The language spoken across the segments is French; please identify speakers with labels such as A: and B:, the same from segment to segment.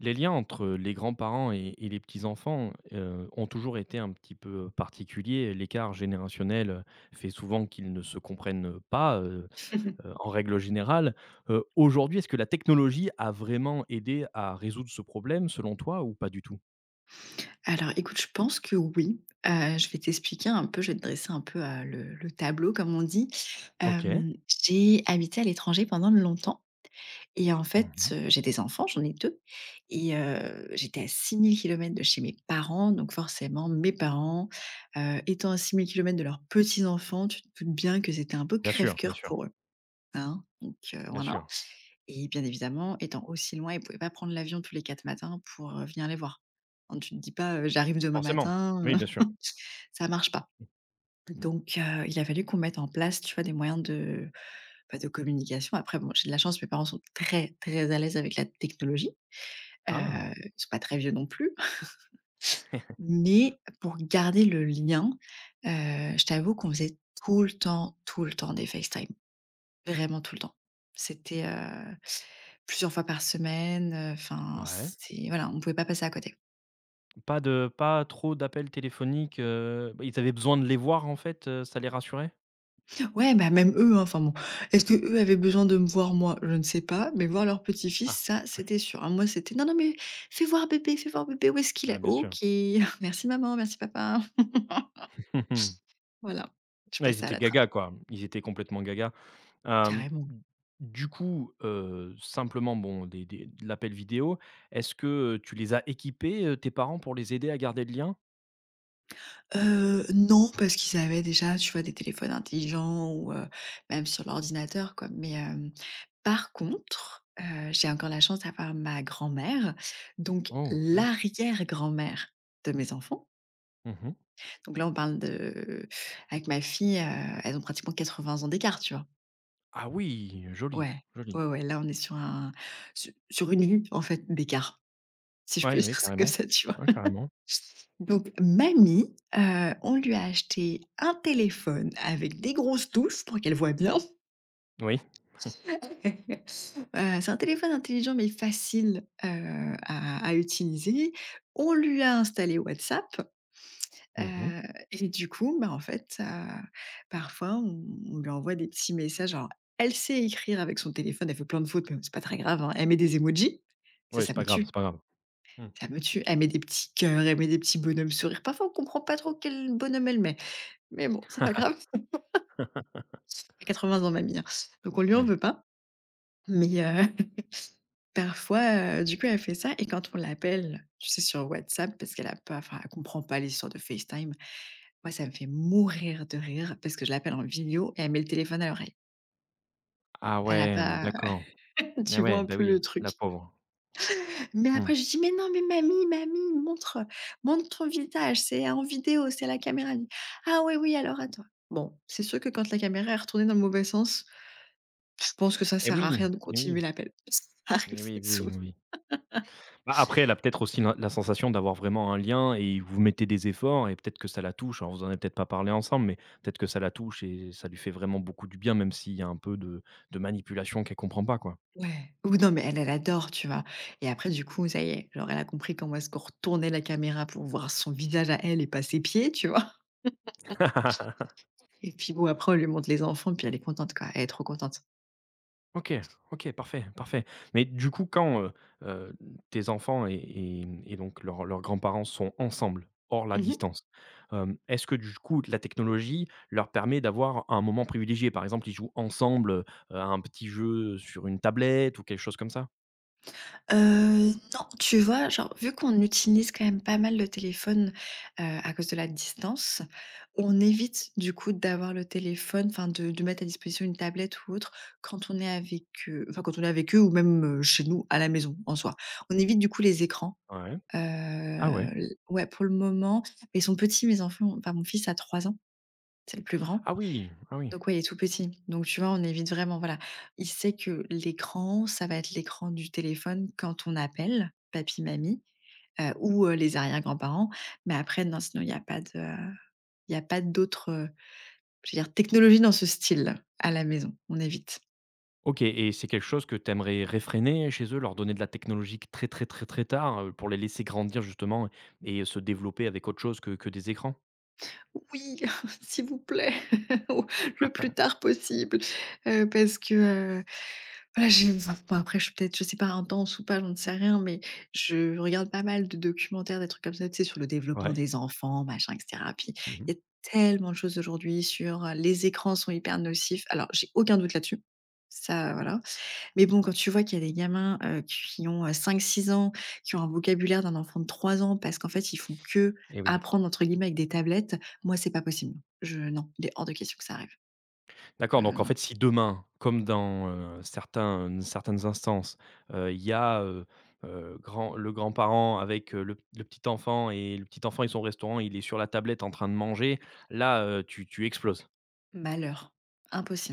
A: Les liens entre, heu, les grands-parents et et les petits-enfants, heu, ont toujours été un petit peu, heu, particuliers. L'écart générationnel, heu, fait souvent qu'ils ne se comprennent, heu, pas, heu heu, en règle générale. Heu, aujourd'hui, est-ce que la technologie a vraiment aidé à résoudre ce problème, selon toi, ou pas du tout?
B: Alors, écoute, je pense que oui. Heu, je vais t'expliquer un peu, je vais te dresser un peu, heu, le le tableau, comme on dit.
A: OK.
B: Hem, j'ai habité à l'étranger pendant longtemps et en fait,
A: Mmh mh.
B: heu, j'ai des enfants, j'en ai 2 et heu, j'étais à 6 000 km de chez mes parents. Donc, forcément, mes parents, heu, étant à 6 000km de leurs petits-enfants, tu te doutes bien que c'était un peu
A: Bien sûr, bien
B: crève-cœur
A: sûr.
B: pour eux. Hein, donc heu,
A: Bien
B: voila.
A: sûr.
B: Et, bien évidemment, étant aussi loin, ils pouvaient pas prendre l'avion tous les quatre matins pour, heu, venir les voir. Non, tu te dis pas: «Heu, j'arrive demain
A: Forcément.
B: matin.»
A: Oui, bien sûr.
B: ça marche pas. Donc heu, il a fallu qu'on mette en place, tu vois? Des moyens de, bah de communication. Après, bon, j'ai de la chance, mes parents sont très, très à l'aise avec la technologie, heu,
A: Ah!
B: ils sont pas très vieux non plus. Mais pour garder le lien, heu, je t'avoue qu'on faisait tout le temps tout le temps des Facetime, vraiment tout le temps. C'était, heu, plusieurs fois par semaine, heu, enfin
A: Ouais.
B: c'est voilà, on pouvait pas passer à côté.
A: Pas de pas trop d'appels téléphoniques, heu, bah, ils avaient besoin de les voir en fait, heu, ça les rassurait?
B: Ouais, bah, même eux, hein, enfin, bon. Est-ce qu'eux avaient besoin de me voir, moi? Je ne sais pas, mais voir leur petit-fils,
A: Ah,
B: ça,
A: oui.
B: c'était sûr, hein, moi, c'était: «Non, non, mais fais voir bébé, fais voir bébé, où est-ce qu'il
A: Ah
B: est?»
A: bien
B: OK,
A: sûr.
B: merci maman, merci papa.
A: Mmh mh.
B: Voilà. Je
A: Ouais, ils
B: passais à
A: étaient
B: la trappe.
A: gaga, quoi. Ils étaient complètement gaga, hem,
B: Carrément.
A: du coup, heu, simplement bon, des des de l'appel vidéo, est-ce que, heu, tu les as équipés, heu, tes parents pour les aider à garder le lien?
B: Heu, non, parce qu'ils avaient déjà, tu vois, des téléphones intelligents ou, heu, même sur l'ordinateur, quoi, mais, hem, par contre, heu, j'ai encore la chance d'avoir ma grand-mère, donc
A: Oh, bien.
B: l'arrière-grand-mère de mes enfants
A: Mmh mh.
B: donc là, on parle de avec ma fille, heu, elles ont pratiquement 80 ans d'écart, tu vois?
A: Ah oui! Joli,
B: Ouais. Ouais,
A: joli!
B: ouais, là, on est sur un sur sur une vie, en fait, d'écart. Si je peux
A: Ouais,
B: dire
A: ouais,
B: ça comme
A: carrément.
B: ça, tu vois,
A: Ouais, carrément.
B: donc, mamie, heu, on lui a acheté un téléphone avec des grosses touches pour qu'elle voit bien
A: Oui. Mmh.
B: heu, c'est un téléphone intelligent, mais facile, heu, à à utiliser. On lui a installé WhatsApp,
A: Mmh mh.
B: heu et du coup, bah, en fait, heu, parfois, on on lui envoie des petits messages. Alors, elle sait écrire avec son téléphone elle fait plein de fautes, mais c'est pas très grave, hein. Elle met des émojis. Ça,
A: Ouais, c'est
B: ça me
A: pas grave
B: tue!
A: c'est pas grave. Mmh.
B: Ça me tue. Elle met des petits cœurs, elle met des petits bonhommes sourire, parfois on comprend pas trop quel bonhomme elle met mais bon, c'est pas grave! 80 ans, mamie, hein, donc on lui en
A: Oui.
B: veut pas mais heu, parfois, heu, du coup elle fait ça et quand on l'appelle, tu sais sur WhatsApp parce qu'elle a pas enfin, elle comprend pas les histoires de FaceTime. Moi, ça me fait mourir de rire parce que je l'appelle en vidéo et elle met le téléphone à l'oreille.
A: Ah,
B: Elle a
A: ouais, mmh,
B: pas, heu,
A: d'accord. Eh,
B: tu vois
A: ouais,
B: un
A: bah,
B: peu
A: oui,
B: le
A: la
B: truc?
A: pauvre.
B: Mais après,
A: Mmh.
B: je dis: «Mais non, mais mamie mamie, montre, heu, montre ton visage, c'est en vidéo, c'est à la caméra». Elle me dit: «Ah oui, oui, alors attends». Bon, c'est sûr que, quand la caméra est retournée dans le mauvais sens, je pense que ça
A: Eh,
B: sert à
A: oui
B: rien de
A: eh,
B: continuer
A: oui
B: l'appel. Ça arrive,
A: eh, oui
B: c'est
A: oui
B: souv
A: oui. Bah, après, elle a peut-être aussi l'in la sensation d'avoir vraiment un lien et vous mettez des efforts. Et peut-être que ça la touche. Alors, vous en avez peut-être pas parlé ensemble, mais peut-être que ça la touche et ça lui fait vraiment beaucoup du bien, même s'il y a un peu de de manipulation qu'elle comprend pas, quoi.
B: Ouais, ou don mais elle elle adore, tu vois? Et après du coup, ça y est, genre, elle a compris comment est-ce qu'on retournait la caméra pour voir son visage à elle et pas ses pieds, tu vois? Et puis bon, après, on lui montre les enfants et puis elle est contente, quoi. Elle est trop contente.
A: OK, OK, parfait, parfait. Mais du coup, quand, heu heu, tes enfants et et mmh et donc leurs leurs grands-parents sont ensemble, hors la
B: Mmh mh.
A: distance, hem, est-ce que, du coup, la technologie leur permet d'avoir un moment privilégié? Par exemple, ils jouent ensemble, à un petit jeu, heu, sur une tablette ou quelque chose comme ça?
B: Heu, non, tu vois? Genre, vu qu'on utilise quand même pas mal le téléphone, heu, à cause de la distance, on évite, du coup, d'avoir le téléphone enfin de de mettre à disposition une tablette ou autre, quand on est avec eux enfin, quand on est avec eux ou même, heu, chez nous, à la maison, en soi. On évite, du coup, les écrans,
A: Ouais.
B: heu,
A: Ah, ouais?
B: l ouais, pour le moment, ils sont petits, mes enfants, enfin, mon fils a 3 ans. C'est le plus grand.
A: Ah oui! Ah oui.
B: Donc, ouais, il est tout petit, donc tu vois? On évite vraiment voilà. Il sait que, l'écran, ça va être l'écran du téléphone, quand on appelle, papi mamie, heu, ou heu, les arrière-grands-parents, mais après, non, sinon il y a pas de, heu, il y a pas d'autres, heu, je veux dire, technologie dans ce style, à la maison. On évite.
A: OK et c'est quelque chose que tu aimerais réfréner, heu, chez eux? Leur donner de la technologie que très très très très tard, heu, pour les laisser grandir, justement et heu, se développer avec autre chose que que des écrans?
B: Oui! S'il vous plaît! Oh, le plus tard possible! Heu, parce que, heu, ben je [unintelligible] ben, après, je suis peut-être, je sais pas, intense ou pas, j'en sais rien mais je regarde pas mal de documentaires, des trucs comme ça, tu sais, sur le développement
A: Ouais.
B: des enfants, machin et cetera, puis,
A: Mmh mh.
B: il y a tellement de choses aujourd'hui sur, heu, les écrans sont hyper nocifs alors, j'ai aucun doute là-dessus, ça, heu, voilà. Mais bon, quand tu vois qu'il y a des gamins, heu, qui ont, heu, 5-6 ans, qui ont un vocabulaire d'un enfant de 3 ans, parce qu'en fait, ils font
A: Eh oui.
B: qu'apprendre, entre guillemets, avec des tablettes, moi c'est pas possible. Je non, il est hors de question que ça arrive.
A: D'accord,
B: Heu,
A: donc en
B: non.
A: fait, si demain, comme dans, heu, certains, heu, certaines instances, heu, il y a, heu heu, grand le grand-parent avec, heu, le p le petit-enfant et le petit enfant, ils sont au restaurant, il est sur la tablette en train de manger, là, heu, tu tu exploses?
B: Malheur.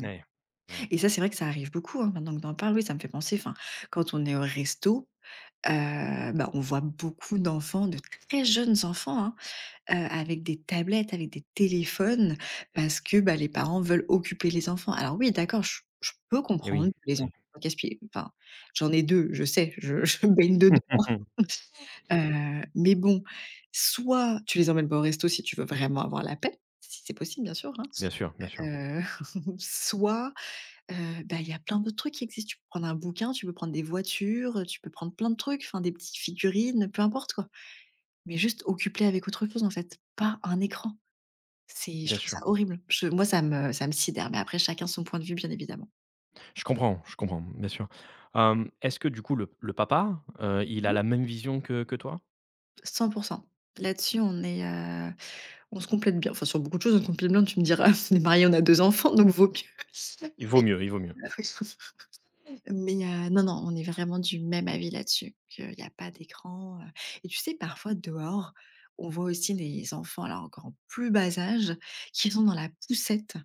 A: N ouais, ouais.
B: et ça, c'est vrai que ça arrive beaucoup, hein, maintenant que tu en parles, oui, ça me fait penser, enfin, quand on est au resto, heu, bah, on voit beaucoup d'enfants, de très jeunes enfants, hein, heu, avec des tablettes, avec des téléphones, parce que, bah, les parents veulent occuper les enfants. Alors oui, d'accord, je je peux
A: Eh oui,
B: comprendre, les
A: oui.
B: enfants casse pieds, enfin, j'en ai 2, je sais. Je je baigne dedans, heu, mais bon, soit tu les emmènes pas au resto si tu veux vraiment avoir la paix, si c'est possible bien sûr, hein,
A: Bien sûr, bien sûr.
B: heu, soit, heu, bah, il y a plein de trucs qui existent. Tu peux prendre un bouquin, tu peux prendre des voitures, heu, tu peux prendre plein de trucs, enfin, des petites figurines, heu, peu importe, quoi. Mais juste, occupe les avec autre chose, en fait! Pas un écran! C'est je
A: Bien
B: trouve ça
A: sûr.
B: horrible. Je moi, ça me ça me sidère mais après, chacun son point de vue, bien évidemment.
A: Je comprends, je comprends, bien sûr, hem, est-ce que du coup, le le papa, heu, il a
B: Mmh.
A: la même vision que que toi?
B: 100%. Là-dessus, on est, heu on se complète bien, enfin, sur beaucoup de choses, on compile bien, tu me diras. On est mariés, on a enfants, donc vaut mieux!
A: Il vaut
B: mais
A: mieux, il vaut
B: oui,
A: mieux.
B: mais heu, non, non. On est vraiment du même avis là-dessus, qu'il y a pas d'écran, heu et tu sais parfois dehors, on voit aussi les enfants, alors, encore en plus bas âge, qui sont dans la poussette,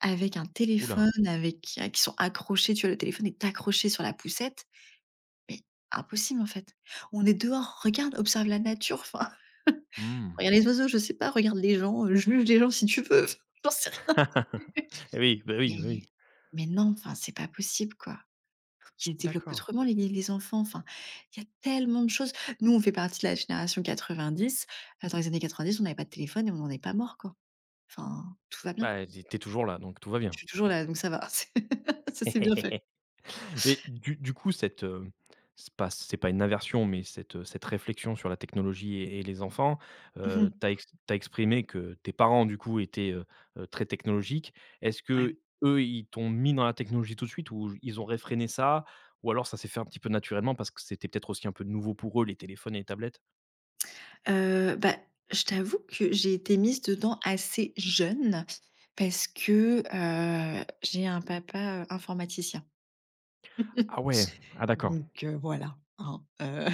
B: avec un
A: Ouh là!
B: téléphone, avec, heu qui sont accrochés, tu vois, le téléphone est accroché sur la poussette. Mais, impossible, en fait! On est dehors, regarde! Observe la nature, enfin,
A: Mmh.
B: regarde les oiseaux, je sais pas, regarde les gens, heu, juge les gens si tu veux, enfin, j'en sais rien.
A: Eh oui, bah, oui bah, oui.
B: mais non! Enfin, c'est pas possible, quoi! Qu'ils les développent
A: D'accord.
B: autrement les les enfants, enfin, il y a tellement de choses. Nous, on fait partie de la génération 90, bah, dans les années 90 on avait pas de téléphone et on n'en est pas morts, quoi. Enfin, tout va bien.
A: Bah, j'ai tu es toujours là, donc tout va
B: Je
A: bien.
B: suis toujours là, donc ça va. C ça, c'est bien fait.
A: Et du du coup, cette, heu, c'est pas c'est pas une aversion, mais cette, heu, cette réflexion sur la technologie et et les enfants,
B: Mmh
A: heu,
B: mh.
A: tu as ex tu as exprimé que tes parents, du coup, étaient, heu heu, très technologiques. Est-ce
B: Ouais.
A: qu'eux, ils t'ont mis dans la technologie tout de suite ou j ils ont réfréné ça ou alors ça s'est fait un petit peu naturellement, parce que c'était peut-être, aussi, un peu nouveau pour eux, les téléphones et les tablettes?
B: Heu, bah, je t'avoue que j'ai été mise dedans assez jeune parce que, heu, j'ai un papa, heu, informaticien,
A: Ah ouais! Ah d'accord.
B: donc heu, voilà, hein, heu,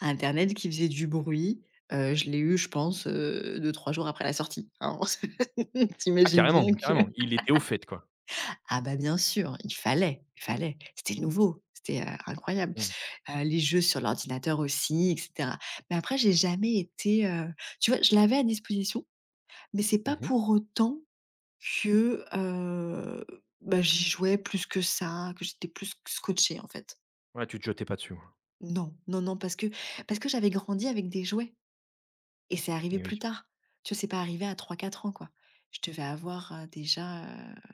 B: internet qui faisait du bruit, heu, je l'ai eu, je pense, heu, 2-3 jours après la sortie, hein, tu
A: Ah
B: imagines
A: carrément!
B: bien que
A: Carrément! Il était au fait, quoi.
B: ah, bah, bien sûr, il fallait, il fallait. C'était nouveau! C'était, heu, incroyable,
A: Mmh mh.
B: heu, les jeux sur l'ordinateur aussi et cetera mais après, j'ai jamais été, heu, tu vois, je l'avais à disposition mais c'est
A: Mmh
B: pas
A: mh!
B: pour autant que, heu, bah, j'y jouais plus que ça, que j'étais plus sc scotchée, en fait.
A: Ouais, tu te jetais pas dessus, ouais.
B: Non, non, non, parce que parce que j'avais grandi avec des jouets. Et c'est arrivé
A: Et
B: plus
A: oui.
B: tard. Tu vois, c'est pas arrivé à 3, 4 ans, quoi. Je devais avoir, heu, déjà, heu, pff,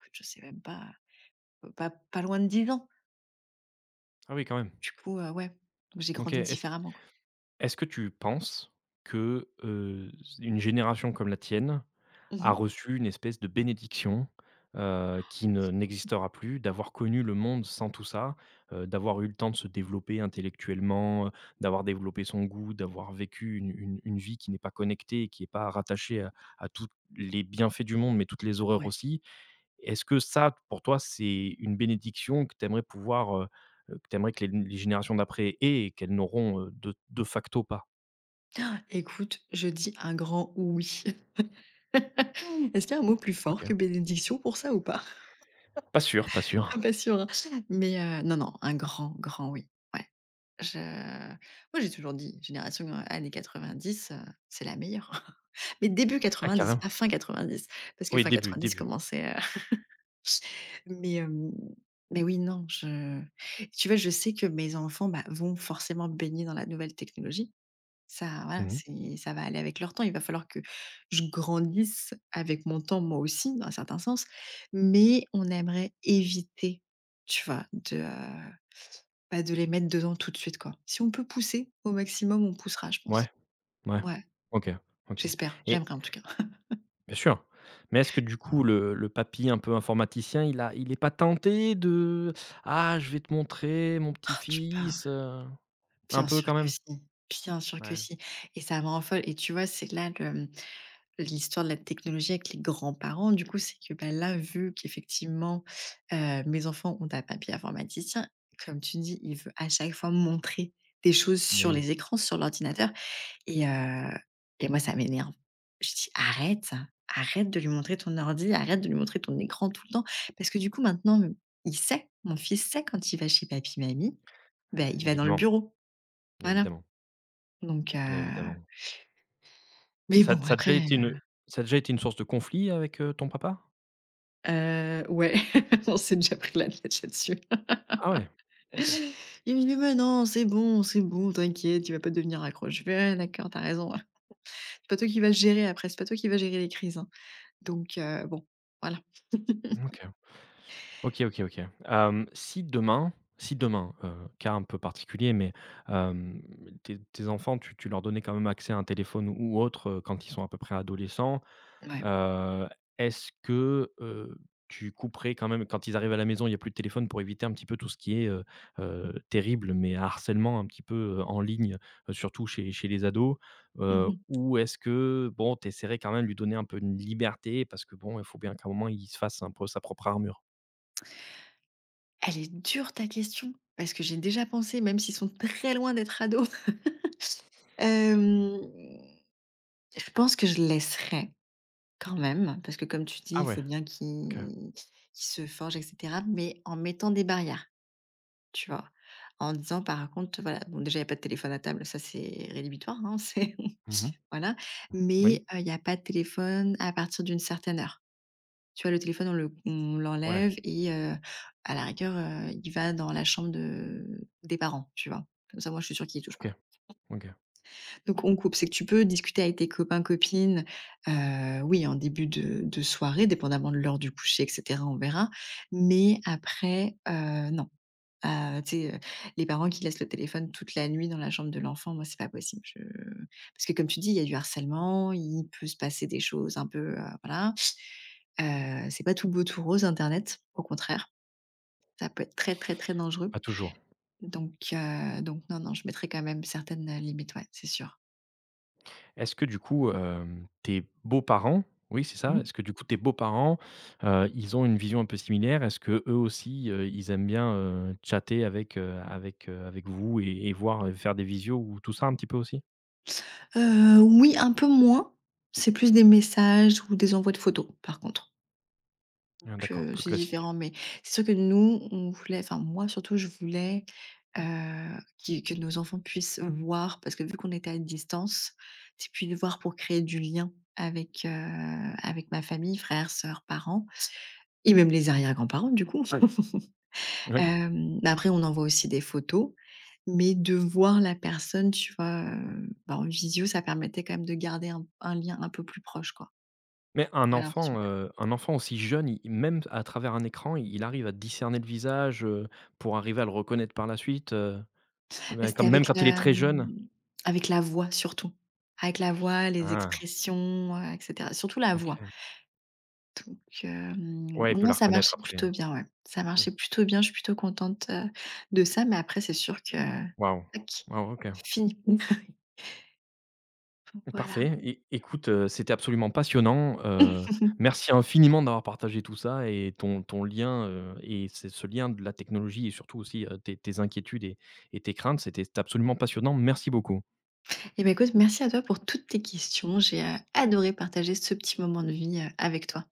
B: écoute je sais même pas, heu, pas pas loin de 10 ans.
A: Ah oui, quand même.
B: Du coup, heu, ouais. Donc j'ai
A: OK,
B: grandi
A: est-ce
B: différemment, quoi.
A: est-ce que tu penses que, heu, une génération comme la tienne
B: Mmh
A: a
B: mh.
A: reçu une espèce de bénédiction, heu, qui ne n'existera plus, d'avoir connu le monde sans tout ça, heu, d'avoir eu le temps de se développer intellectuellement, heu, d'avoir développé son goût, d'avoir vécu une une une vie qui n'est pas connectée, et qui est pas rattachée à à tous les bienfaits du monde, mais toutes les horreurs
B: Ouais.
A: aussi? Et est-ce que ça, pour toi, c'est une bénédiction que tu aimerais pouvoir, heu que tu aimerais que les les générations d'après aient et qu'elles n'auront, heu, de de facto pas?
B: Ecoute, je dis un grand oui. Est-ce qu'il y a un mot plus fort que
A: OK.
B: bénédiction pour ça ou pas?
A: Pas sûr, pas
B: Non,
A: sûr.
B: pas sûr, hein? Mais, heu, non, non, un grand, grand oui, ouais. Je moi j'ai toujours dit: «Génération, heu, années 90, heu, c'est la meilleure.» Mais début
A: Ah,
B: 90,
A: carrément.
B: pas fin 90 parce que
A: Oui,
B: fin
A: début,
B: 90
A: début.
B: commençait, heu Mais, hem mais oui, non, je tu vois, je sais que mes enfants, bah, vont forcément baigner dans la nouvelle technologie. Ça, voilà,
A: Mmh mh.
B: c'est ça va aller avec leur temps. Il va falloir que je grandisse avec mon temps, moi aussi, dans un certain sens. Mais on aimerait éviter, tu vois, de, heu bah, de les mettre dedans tout de suite, quoi. Si on peut pousser au maximum, on poussera, je pense.
A: Ouais? Ouais.
B: Ouais.
A: OK, OK.
B: J'espère,
A: Et
B: j'aimerais, en tout cas.
A: Bien sûr. Mais est-ce que, du coup, le le papy un peu informaticien, il a il est pas tenté de: «Ah, je vais te montrer, mon
B: Oh,
A: petit
B: tu parles!
A: fils, heu...». Un
B: Bien
A: peu
B: sûr
A: quand
B: que
A: même?
B: si bien sûr que
A: Ouais.
B: si et ça me rend folle. Et tu vois, c'est là, le, hem l'histoire de la technologie avec les grands-parents, du coup, c'est que, bah, là, vu qu'effectivement, heu, mes enfants ont un papy informaticien, comme tu dis, il veut à chaque fois montrer des choses
A: Mais
B: sur
A: oui.
B: les écrans, sur l'ordinateur et heu et moi ça m'énerve. Je dis: «Arrête, arrête de lui montrer ton ordi, arrête de lui montrer ton écran tout le temps.» Parce que, du coup, maintenant, m il sait, mon fils sait quand il va chez papy, mamie, bah, il va dans le
A: Évidemment,
B: bureau. Voilà.
A: Évidemment.
B: Donc, heu...
A: Évidemment.
B: Mais
A: Ça a
B: bon
A: d ça a
B: après,
A: déjà été une
B: heu
A: ça a déjà été une source de conflit avec, heu, ton papa?
B: Heu, ouais. On s'est déjà pris la tête là-dessus.
A: Ah ouais? OK.
B: Il me dit: «Ben non, c'est bon c'est bon, t'inquiète, il va pas devenir accro». Je fais: «Ah, d'accord, tu as raison, ouais. C'est pas toi qui vas le gérer après, c'est pas toi qui vas gérer les crises, hein». Donc heu, bon. Voilà.
A: Mmh, OK. OK OK OK. Hem, si demain si demain, heu, cas un peu particulier, mais hem, tes tes enfants, tu tu leur donnais quand même accès à un téléphone ou autre, heu, quand ils sont à peu près adolescents.
B: Mouais.
A: Heu, est-ce que, heu, tu couperais quand même quand ils arrivent à la maison, il y a plus de téléphone pour éviter un petit peu tout ce qui est, heu heu, terrible, mais harcèlement un petit peu, heu, en ligne, heu, surtout chez chez les ados?
B: Mmh
A: Heu,
B: mh.
A: ou est-ce que, bon, tu essaierais quand même de lui donner un peu une liberté? Parce que bon, il faut bien qu'à un moment, il se fasse un peu sa propre armure.
B: Elle est dure ta question, parce que j'ai déjà pensé, même s'ils sont très loin d'être ados. Hem, je pense que je laisserais quand même, parce que, comme tu dis,
A: Ah
B: il
A: ouais?
B: faut bien
A: OK.
B: qui qu'il se forge et cetera, mais en mettant des barrières. Tu vois? En disant, par contre, voilà, bon déjà, il y a pas de téléphone à table. Ça, c'est rédhibitoire, hein, c'est,
A: Mmh mh.
B: voilà.
A: Oui.
B: Mais, heu, il y a pas de téléphone à partir d'une certaine heure. Tu vois le téléphone, on le on
A: Ouais.
B: l'enlève et heu, à la rigueur, heu, il va dans la chambre de des parents, tu vois? Comme ça, moi, je suis sûre qu'il y touche pas.
A: OK, OK.
B: Donc, on coupe c'est que tu peux discuter avec tes copains, copines, heu, oui, en début de de soirée, dépendamment de l'heure du coucher, et cetera, on verra. Mais après, heu, non. Heu, tu sais, heu, les parents qui laissent le téléphone toute la nuit dans la chambre de l'enfant, moi, c'est pas possible. Je parce que, comme tu dis, il y a du harcèlement, il peut se passer des choses un peu, heu, voilà. Heu, c'est pas tout beau, tout rose, Internet. Au contraire, ça peut être très, très, très dangereux.
A: Pas toujours.
B: Donc heu, donc non, non, je mettrai quand même certaines, heu, limites, ouais, c'est sûr.
A: Est-ce que, du coup, hem, tes beaux-parents oui, c'est ça,
B: Mmh.
A: est-ce que, du coup, tes beaux-parents, heu, ils ont une vision un peu similaire? Est-ce qu'eux aussi, heu, ils aiment bien, heu, chatter avec, heu, avec, heu, avec vous, et et voir, heu, faire des visios ou tout ça, un petit peu aussi?
B: Heu, oui, un peu moins. C'est plus des messages, ou des envois de photos, par contre. Donc
A: Ah, d'accord,
B: heu,
A: plus
B: c'est
A: classique.
B: différent, mais c'est sûr que nous, on voulait enfin moi surtout je voulais, heu, qu'ils que nos enfants puissent voir parce que vu qu'on était à distance, c'est plus de voir pour créer du lien avec, heu, avec ma famille, frères, sœurs, parents. Et même les arrière-grands-parents du coup.
A: Oui.
B: Hem, mais après on envoie aussi des photos. Mais de voir la personne, tu vois? Heu, bah, en visio, ça permettait quand même de garder un un lien un peu plus proche quoi
A: Mais un
B: j'avais
A: enfant,
B: l'impression.
A: heu, un enfant aussi jeune, il même à travers un écran, il arrive à discerner le visage, heu, pour arriver à le reconnaître par la suite, heu,
B: Beh,
A: ben
B: c'était
A: comme même
B: avec
A: quand il est
B: la,
A: très jeune.
B: mmh. Avec la voix, surtout. Avec la voix, les
A: Ah.
B: expressions, heu, et cetera, surtout la voix.
A: OK.
B: Donc hem,
A: Ouais, il peut la
B: non, ça
A: reconnaître,
B: marchait
A: après, oui.
B: plutôt bien, ouais, ça
A: Mmh.
B: marchait plutôt bien. Je suis plutôt contente, heu, de ça, mais après c'est sûr que.
A: Waouh.
B: Tac.
A: Wow,
B: C'es
A: OK.
B: fini. Oui. Donc voilà.
A: Parfait, é écoute, heu, c'était absolument passionnant, heu, merci infiniment d'avoir partagé tout ça, et ton ton lien, heu, et et ce ce lien de la technologie, et surtout aussi, heu, tes tes inquiétudes, et et tes craintes. C'était absolument passionnant, merci beaucoup.
B: Et bah écoute, merci à toi pour toutes tes questions, j'ai adoré partager ce petit moment de vie, heu, avec toi.